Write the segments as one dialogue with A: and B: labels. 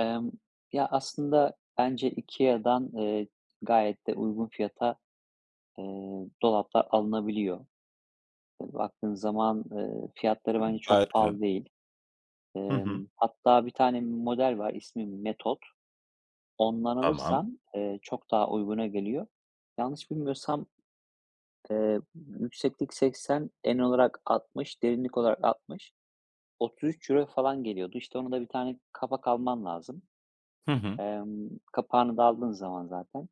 A: Emm, ya aslında bence IKEA'dan, eee, gayet de uygun fiyata, eee, dolaplar alınabiliyor. Eee, baktığın zaman, ııı, fiyatları
B: Hıı.
A: bence
B: Gayet
A: çok
B: güzel.
A: pahalı değil.
B: Hı hı.
A: Emm, hatta 1 tane model var. İsmi Metod. Ondan
B: Tamam.
A: alırsan, eee, çok daha uyguna geliyor. Yanlış bilmiyorsam, eee, yükseklik 80, en olarak 60, derinlik olarak 60. €33 falan geliyordu. İşte, ona da 1 tane kapak alman lazım.
B: Hı hı.
A: Emm, kapağını da aldığın zaman zaten,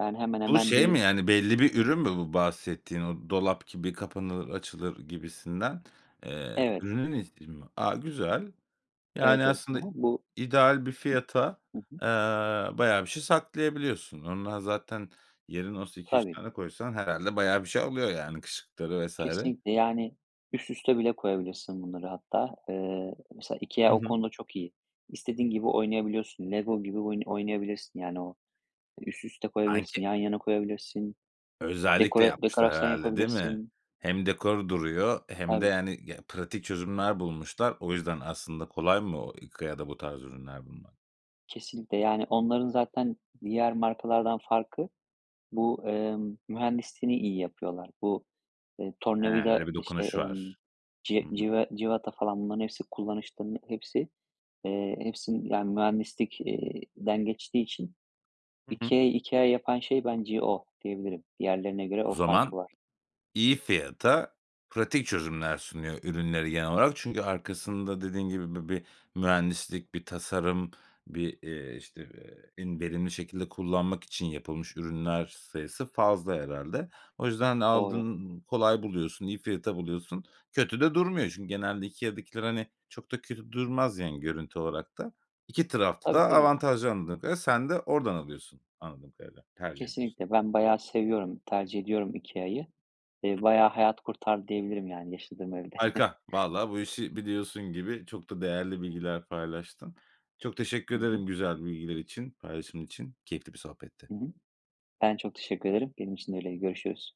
A: yani, hemen
B: Bu
A: hemen
B: şey
A: bir
B: mi, yani, belli bir ürün mü bu bahsettiğin o dolap gibi kapanır açılır gibisinden? Eee,
A: Evet.
B: ürünün ismi mi? A, güzel. Yani,
A: Evet, evet. He
B: aslında
A: he, bu
B: ideal bir fiyata,
A: Hı hı.
B: eee, bayağı bir şey saklayabiliyorsun. Ondan zaten, yerin olsa 2-3
A: Tabii.
B: tane koysan herhâlde bayağı bir şey alıyor, yani, kışlıkları vs.
A: Kesinlikle, yani, üst üste bile koyabilirsin bunları hatta, eee, mesela
B: I
A: IKEA o
B: hı.
A: konuda çok iyi. İstediğin gibi oynayabiliyorsun, LEGO gibi oyun oynayabilirsin, yani, o üst üste koyabilirsin, yan
B: [unintelligible]
A: yana koyabilirsin,
B: Özellikle
A: dekore
B: yapmışlar
A: dekorasyon
B: herhâlde değil mi?
A: yapabilirsin.
B: Hem dekor duruyor e, hem de,
A: Tabii.
B: yani, ge pratik çözümler bulmuşlar. O yüzden aslında kolay mı o IKEA'da bu tarz ürünler bulmak?
A: Kesinlikle, yani, onların zaten diğer markalardan farkı bu, emm, mühendisliğini iyi yapıyorlar. Bu, eee,
B: He,
A: tornavida,
B: öyle bir
A: işte,
B: dokunuş
A: emm,
B: var.
A: ci
B: Hı hı.
A: cive cıvata, falan, bunların hepsi kullanışlı, hepsi, eee, hepsi, yani, mühendislik eee, den geçtiği için
B: Hı hı.
A: IKEA'yı IKEA yapan şey bence o diyebilirim. Diğerlerine göre
B: O
A: o farkı
B: zaman
A: var.
B: iyi fiyata pratik çözümler sunuyor ürünleri genel olarak. Çünkü arkasında dediğin gibi bi bir mühendislik, bir tasarım, bir, eee, işte, eee, en verimli şekilde kullanmak için yapılmış ürünler sayısı fazla herhâlde. O yüzden de
A: Doğru.
B: aldın kolay buluyorsun, iyi fiyata buluyorsun. Kötü de durmuyor çünkü genelde IKEA'dakiler, hani, çok da kötü durmaz, yani, görüntü olarak da. 2 tarafta
A: Tabii
B: da
A: tabii.
B: avantajlı anladığım kadarıyla sen de oradan alıyorsun. Anladığım kadarıyla tercih ediyorsun.
A: Kesinlikle. Ben bayağı seviyorum, tercih ediyorum IKEA'yı. Eee, bayağı hayat kurtardı diyebilirim yani yaşadığım evde.
B: Harika, valla bu işi biliyorsun gibi çok da değerli bilgiler paylaştın. Çok teşekkür
A: Hı hı.
B: ederim güzel bilgiler için, paylaşımın için. Keyifli bir sohbetti.
A: I hı. Ben de çok teşekkür ederim. Benim için de öyleydi. Görüşürüz.